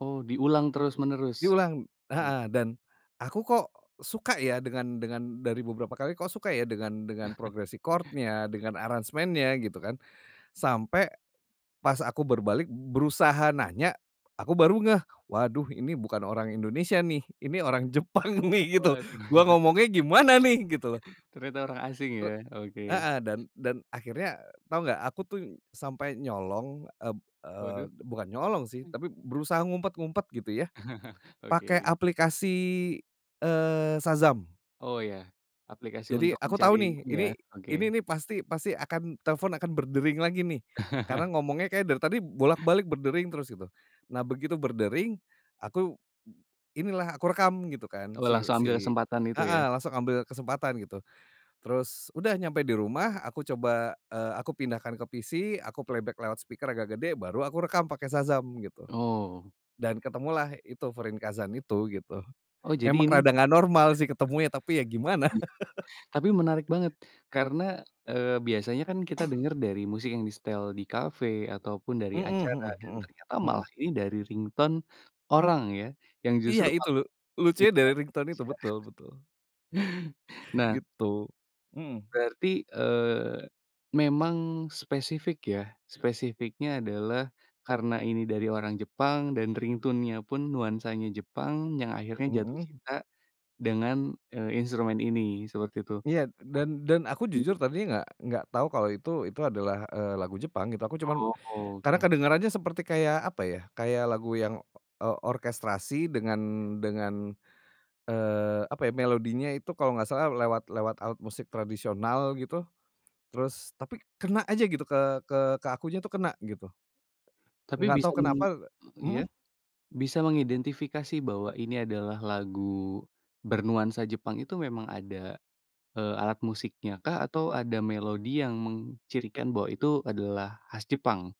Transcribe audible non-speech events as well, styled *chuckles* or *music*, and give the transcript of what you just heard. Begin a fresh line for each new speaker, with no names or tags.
Oh, diulang terus-menerus.
Diulang
Hmm
heeh, dan aku kok suka ya dengan dengan dari beberapa kali kok suka ya dengan dengan progres
*chuckles*
record-nya dengan aransemennya gitu kan. Sampai pas aku berbalik berusaha nanya aku baru ngeh, "Waduh ini bukan orang Indonesia nih, ini orang Jepang nih gitu,
Waduh.
gua ngomongnya
*chuckles*
gimana nih?" Gitu loh.
Ternyata orang asing ya?
Rek
oke.
heeh, dan dan akhirnya tahu nggak aku tuh sampai nyolong eb eee,
Waduh.
bukan nyolong sih
Hmm.
tapi berusaha ngumpet-ngumpet gitu ya
*laughs*
pake
Okey.
aplikasi, eee, Shazam.
Oh ya, aplikasi
Jadi,
untuk
aku tahu
mencari
nih
ini ya
ini ini
oke.
nih pasti pasti akan telepon akan berdering lagi nih karena
*laughs*
ngomongnya kayak dari tadi bolak balik berdering terus, gitu. Nah begitu berdering aku, inilah aku rekam gitu kan
Oh,
siw
langsung ambil
si
kesempatan itu
heeh,
ya?
langsung ambil kesempatan gitu. Terus udah nyampe di rumah aku coba, eee, aku pindahkan ke PC, aku playback lewat speaker agak gede, baru aku rekam pakai Shazam gitu
Oh.
dan ketemulah itu Fūrinkazan itu, gitu.
Oh jadi
Memang
ini
rada nggak normal sih ketemunya tapi ya gimana?
tapi menarik banget karena,
*laughs*
eee, biasanya kan kita
*coughs*
denger dari musik yang disetel di kafe, ataupun dari
Heeh
acara
heeh
dan
heeh
ternyata
heeh.
malah ini dari ringtone orang ya, yang
Iya
justru
itu
malah
lu lucunya dari
*unintelligible*
ringtone
ya.
itu, betul
*chuckles*
betul.
Nah
Gitu, mhm.
Berarti, eee, memang spesifik ya. Spesifiknya adalah karena ini dari orang Jepang dan ringtone-nya pun nuansanya Jepang, yang akhirnya jatuh
Mhm.
cinta dengan, eee, instrumen ini seperti itu.
Iya, d dan dan aku
Nah
jujur
mhm?
tadinya nggak nggak tahu kalau itu itu adalah, eee, lagu Jepang gitu. Aku cuman
Oh,
karena
oke.
kedengerannya seperti kayak, apa ya, kayak lagu yang, eee, orkestrasi dengan dengan, eee, apa ya, melodinya itu kalau nggak salah lewat lewat alat musik tradisional gitu, terus tapi kena aja gitu ke ke ke akunya tuh kena, gitu.
Tapi
Enggak
bisa
tahu kenapa
meng eee, iya?
mhm?
Bisa mengidentifikasi bahwa ini adalah lagu bernuansa Jepang itu memang ada, eee, alat musiknya kah atau ada melodi yang mengcirikan bahwa itu adalah khas Jepang?